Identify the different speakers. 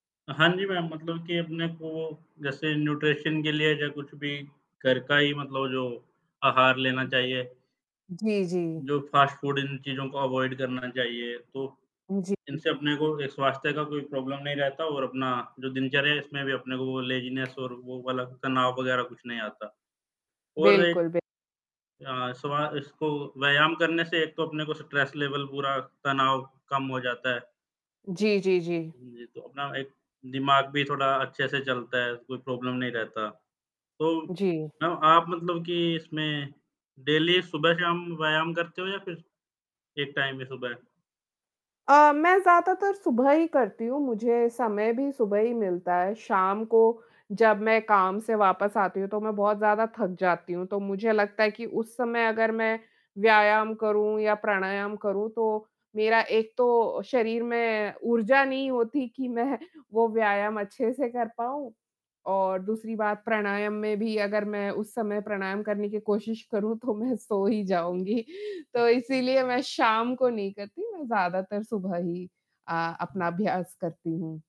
Speaker 1: हाँ, जी। मेम, मतलब कि अपने को जैसे न्यूट्रिशन के लिए या कुछ भी घर का ही मतलब जो, आहार लेना चाहिए।
Speaker 2: जी, जी।
Speaker 1: जो फास्ट फूड, इन चीज़ों को अवॉइड करना चाहिए। तो
Speaker 2: जी।
Speaker 1: इनसे अपने को एक स्वास्थ्य का कोई प्रॉब्लम नहीं रहता और अपना जो दिनचर्या है, इसमें भी अपने को वो लेज़ीनेस और वो वाला तनाव वगैरह कुछ नहीं आता। और एक
Speaker 2: बिल्कुल बि
Speaker 1: अ, सुबह इसको व्यायाम करने से एक तो अपने को स्ट्रेस लेवल पूरा तनाव कम हो जाता है।
Speaker 2: जी, जी, जी।
Speaker 1: हाँ जी, तो अपना एक दिमाग भी थोड़ा अच्छे से चलता है, कोई प्रॉब्लम नहीं रहता। तो
Speaker 2: जी।
Speaker 1: न, आप मतलब की इसमें डेली सुबह-शाम व्यायाम करते हो या फिर एक टाइम में सुबह?
Speaker 2: अ, मैं ज़्यादातर सुबह ही करती हूँ। मुझे समय भी सुबह ही मिलता है। शाम को जब मैं काम से वापस आती हूँ, तो मैं बहुत ज़्यादा थक जाती हूँ। तो मुझे लगता है कि उस समय अगर मैं व्यायाम करूँ या प्राणायाम करूँ, तो मेरा एक तो शरीर में ऊर्जा नहीं होती कि मैं वो व्यायाम अच्छे से कर पाऊँ और दूसरी बात प्राणायाम में भी अगर मैं उस समय प्राणायाम करने की कोशिश करूँ, तो मैं सो ही जाऊँगी। तो इसीलिए मैं शाम को नहीं करती, मैं ज़्यादातर सुबह ही अ, अपना
Speaker 1: हुँ।
Speaker 2: अभ्यास करती हूँ।